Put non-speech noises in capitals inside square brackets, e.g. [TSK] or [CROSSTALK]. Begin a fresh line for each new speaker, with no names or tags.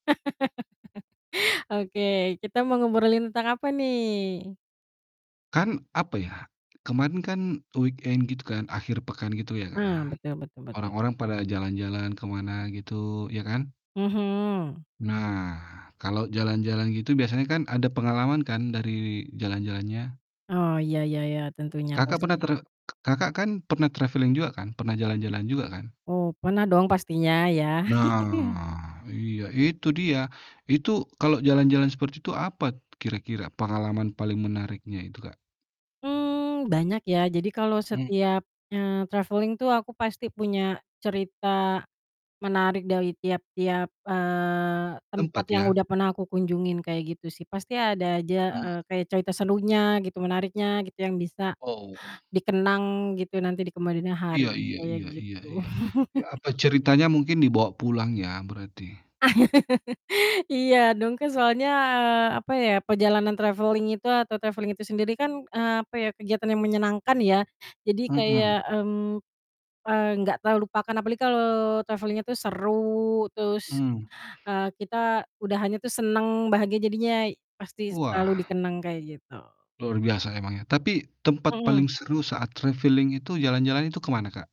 [LAUGHS] Oke, kita mau ngobrolin tentang apa nih?
Kan, apa ya, kemarin kan weekend gitu kan, akhir pekan gitu ya, Kak, ya.
Ah, betul betul betul.
Orang-orang pada jalan-jalan ke mana gitu ya kan?
Mhm.
Nah, kalau jalan-jalan gitu biasanya kan ada pengalaman kan dari jalan-jalannya?
Oh, iya iya iya, tentunya
Kakak, pernah
pasti.
tre [TSK] Kakak kan pernah traveling juga kan? Pernah jalan-jalan juga kan?
Oh, pernah dong pastinya ya?
Nah,
[CHUCKLES]
iya itu dia, itu kalo jalan-jalan seperti itu, apa kira-kira pengalaman paling menariknya itu, Kak?
Mmm, banyak ya. Jadi kalau
Hmm.
setiap, eee, traveling tuh aku pasti punya cerita menarik dari tiap-tiap, eee, tempat
Tempat, ya?
yang udah pernah aku kunjungin kayak gitu sih. Pasti ada aja,
Mmm.
eee, kayak cerita serunya gitu, menariknya gitu, yang bisa
Oh.
dikenang gitu nanti di kemudian
Iya
hari
iya
kayak
iya iya
gitu.
iya, iya
[CHUCKLES]
apa ceritanya mungkin dibawa pulang ya berarti?
[LAUGHS] Iya dong, kan soalnya, eee, apa ya, perjalanan traveling itu atau traveling itu sendiri kan, eee, apa ya, kegiatan yang menyenangkan, ya. Jadi kayak,
Mhm.
mmm, ng nggak terlupakan. Apalagi kalau traveling-nya tuh seru terus,
Mmm.
eee, kita udahannya tuh seneng, bahagia jadinya pasti selalu
Wah.
dikenang, kayak gitu.
Luar biasa emang ya. Tapi tempat
Mhm.
paling seru saat traveling itu jalan-jalan itu ke mana, Kak?